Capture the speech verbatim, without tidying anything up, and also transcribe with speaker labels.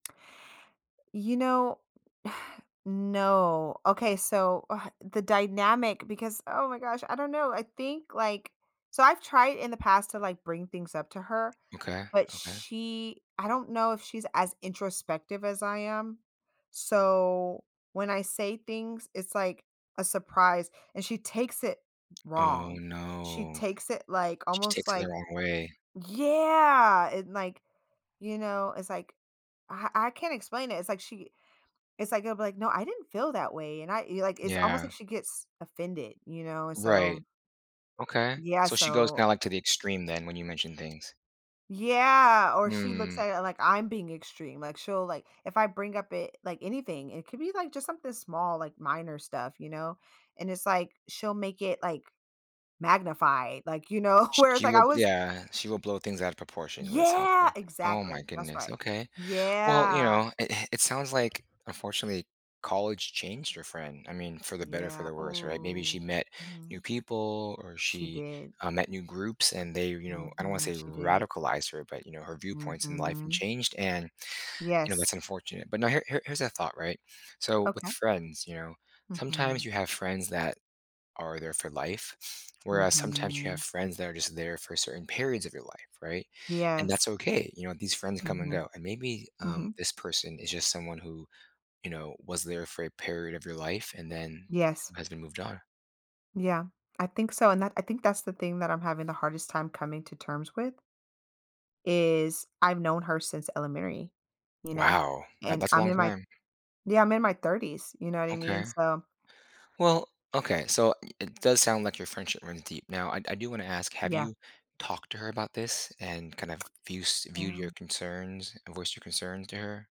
Speaker 1: You know No. Okay. So, uh, the dynamic because oh my gosh. I don't know. I think, like so I've tried in the past to, like, bring things up to her,
Speaker 2: Okay.
Speaker 1: but
Speaker 2: Okay.
Speaker 1: she I don't know if she's as introspective as I am, so when I say things it's like a surprise and she takes it
Speaker 2: Oh,
Speaker 1: wrong. She
Speaker 2: no.
Speaker 1: takes it, like,
Speaker 2: She
Speaker 1: almost
Speaker 2: takes it the
Speaker 1: like
Speaker 2: wrong way.
Speaker 1: Yeah, and, like, you know, it's like I I can't explain it. It's like she it's like, it'll be like, "No I didn't feel that way," and I y like it's almost like
Speaker 2: Yeah.
Speaker 1: she gets offended, you know, and so
Speaker 2: Right. Okay.
Speaker 1: Yeah,
Speaker 2: So she goes
Speaker 1: so
Speaker 2: kinda, like, to the extreme then when you mention things.
Speaker 1: Yeah, or she looks
Speaker 2: Hmm.
Speaker 1: at it like I'm being extreme, like she'll like if I bring up it like, anything, it could be like just something small like minor stuff, you know, and it's like she'll make it like magnified, like, you know,
Speaker 2: Sh
Speaker 1: where it's
Speaker 2: she
Speaker 1: like
Speaker 2: will,
Speaker 1: I was
Speaker 2: yeah, she will blow things out of proportion is what it sounds
Speaker 1: Yeah,
Speaker 2: like. Oh my
Speaker 1: exactly that's
Speaker 2: goodness.
Speaker 1: right.
Speaker 2: Okay. Well, you
Speaker 1: Yeah.
Speaker 2: know, it it it sounds like, unfortunately, college changed your friend. I mean, for the better, for
Speaker 1: Yeah,
Speaker 2: the worse, right, maybe she
Speaker 1: ooh.
Speaker 2: met new
Speaker 1: Mhm.
Speaker 2: people or
Speaker 1: She
Speaker 2: she,
Speaker 1: did.
Speaker 2: uh, met new groups, and they, you know, I don't wanna
Speaker 1: Mhm.
Speaker 2: say
Speaker 1: She did.
Speaker 2: radicalized her, but, you know, her viewpoints in life and
Speaker 1: Mhm.
Speaker 2: changed, and, you know, that's
Speaker 1: Yes.
Speaker 2: unfortunate. But now here here here's a thought, right, so with
Speaker 1: Okay.
Speaker 2: friends, you know, sometimes
Speaker 1: Mhm.
Speaker 2: you have friends that are there for life, whereas sometimes you have
Speaker 1: Mhm.
Speaker 2: friends that are just there for certain periods of your life, right, and that's
Speaker 1: Yes.
Speaker 2: okay, you know, these friends come and
Speaker 1: Mhm.
Speaker 2: go, and maybe, um,
Speaker 1: Mhm.
Speaker 2: this person is just someone who, you know, was there for a period of your life and then
Speaker 1: Yes.
Speaker 2: you guys have moved on.
Speaker 1: Yeah, I think so and that I think that's the thing that I'm having the hardest time coming to terms with, is I've known her since elementary, you know,
Speaker 2: Wow. That
Speaker 1: and
Speaker 2: that's a
Speaker 1: I'm
Speaker 2: long
Speaker 1: in my
Speaker 2: time.
Speaker 1: Yeah, I'm in my thirties, you know what I mean?
Speaker 2: Okay.
Speaker 1: So
Speaker 2: Well, okay. So it does sound like your friendship runs deep. Now I I do wanna ask, have
Speaker 1: Yeah.
Speaker 2: you talked to her about this and kind of views viewed your
Speaker 1: Yeah.
Speaker 2: concerns a voiced your concerns to her?